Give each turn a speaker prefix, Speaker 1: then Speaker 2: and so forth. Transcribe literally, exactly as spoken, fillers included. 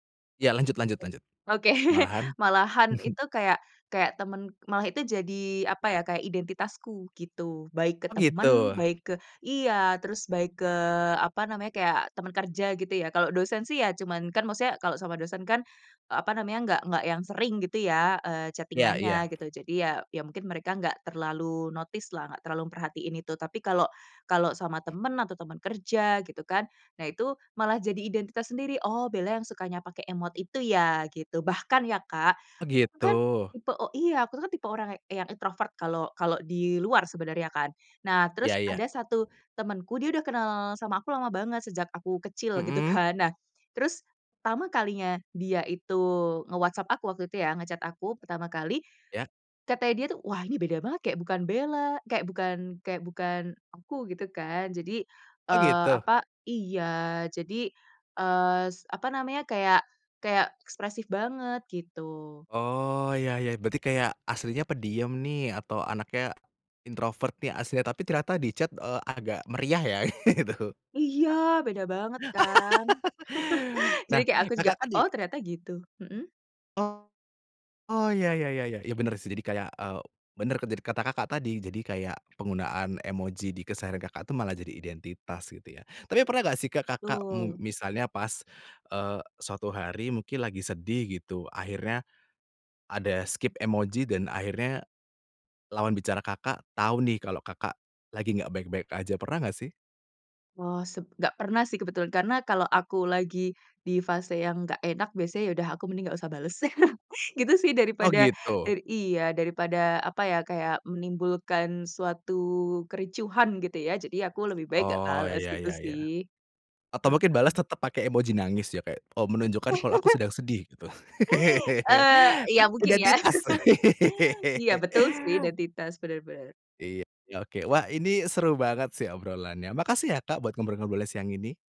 Speaker 1: Ya, lanjut lanjut lanjut,
Speaker 2: Oke,
Speaker 1: malahan?
Speaker 2: malahan itu kayak kayak teman, malah itu jadi, apa ya, kayak identitasku, gitu. Baik ke
Speaker 1: Oh
Speaker 2: teman,
Speaker 1: gitu?
Speaker 2: baik ke iya, terus baik ke, apa namanya, kayak teman kerja gitu ya, kalau dosen sih ya cuman, kan maksudnya kalau sama dosen kan, apa namanya, nggak nggak yang sering gitu ya, eee,
Speaker 1: Iya iya.
Speaker 2: chatting-an-nya gitu, jadi ya ya mungkin mereka nggak terlalu notice lah, nggak terlalu memperhatikan itu. Tapi kalau kalau sama teman, atau teman kerja gitu kan, nah itu malah jadi identitas sendiri, "oh Bella yang sukanya pake emot itu ya?" gitu. Bahkan ya Kak,
Speaker 1: Oh
Speaker 2: aku kan
Speaker 1: gitu.
Speaker 2: tipe iya, aku kan tipe orang yang introvert kalau kalau di luar sebenarnya kan, nah terus
Speaker 1: Iya iya.
Speaker 2: ada satu temanku, dia udah kenal sama aku lama banget, sejak aku kecil gitu
Speaker 1: Mhm.
Speaker 2: kan. Nah terus pertama kalinya, dia itu nge-WhatsApp aku waktu itu ya, nge-chat aku pertama kali.
Speaker 1: Iya.
Speaker 2: Katanya dia tuh, "wah ini beda banget, kayak bukan Bella" kayak bukan kayak bukan aku, gitu kan. Jadi,
Speaker 1: Oh
Speaker 2: eee,
Speaker 1: gitu?
Speaker 2: apa iya, jadi, eee, s apa namanya, kayak kayak ekspresif banget, gitu.
Speaker 1: Oh ya ya, berarti kayak, aslinya pendiem nih atau anaknya, introvert nih aslinya, tapi ternyata di chat, eee, agak meriah ya, gitu.
Speaker 2: Iya, beda banget kan? Jadi
Speaker 1: Nah,
Speaker 2: kayak aku juga,
Speaker 1: Kakak kan di
Speaker 2: "Oh ternyata gitu," mhm?
Speaker 1: Oh, oh, ya ya ya ya ya benar sih, jadi kayak, eee, benar kata Kakak tadi, jadi kayak penggunaan emoji di keseharian Kakak tuh malah jadi identitas gitu ya. Tapi pernah nggak sih, Kakak mung
Speaker 2: Betul.
Speaker 1: misalnya pas, eee, suatu hari mungkin lagi sedih gitu, akhirnya, ada skip emoji dan akhirnya, lawan bicara Kakak, tahu nih kalau Kakak, lagi nggak baik-baik aja. Pernah nggak sih?
Speaker 2: Oh, seb nggak pernah sih kebetulan, karena kalau aku lagi, di fase yang nggak enak, biasanya ya udah aku mending nggak usah bales. Gitu sih.
Speaker 1: Oh
Speaker 2: Daripada
Speaker 1: gitu.
Speaker 2: iya, daripada, apa ya, kayak menimbulkan suatu kericuhan gitu ya, jadi aku lebih baik nggak
Speaker 1: Oh
Speaker 2: bales,
Speaker 1: ya
Speaker 2: gitu
Speaker 1: ya
Speaker 2: sih.
Speaker 1: ya. Atau mungkin balas
Speaker 2: Heeh.
Speaker 1: tetap pakai emoji nangis ya, kayak menunjukkan kalau aku sedang sedih gitu.
Speaker 2: Eee,
Speaker 1: Kan
Speaker 2: ya mungkin ya,
Speaker 1: Identitas.
Speaker 2: iya betul, sih identitas, benar-benar.
Speaker 1: Iya, ya oke. Wah ini seru banget sih obrolannya, makasih ya Kak buat ngobrol-ngobrolnya siang ini.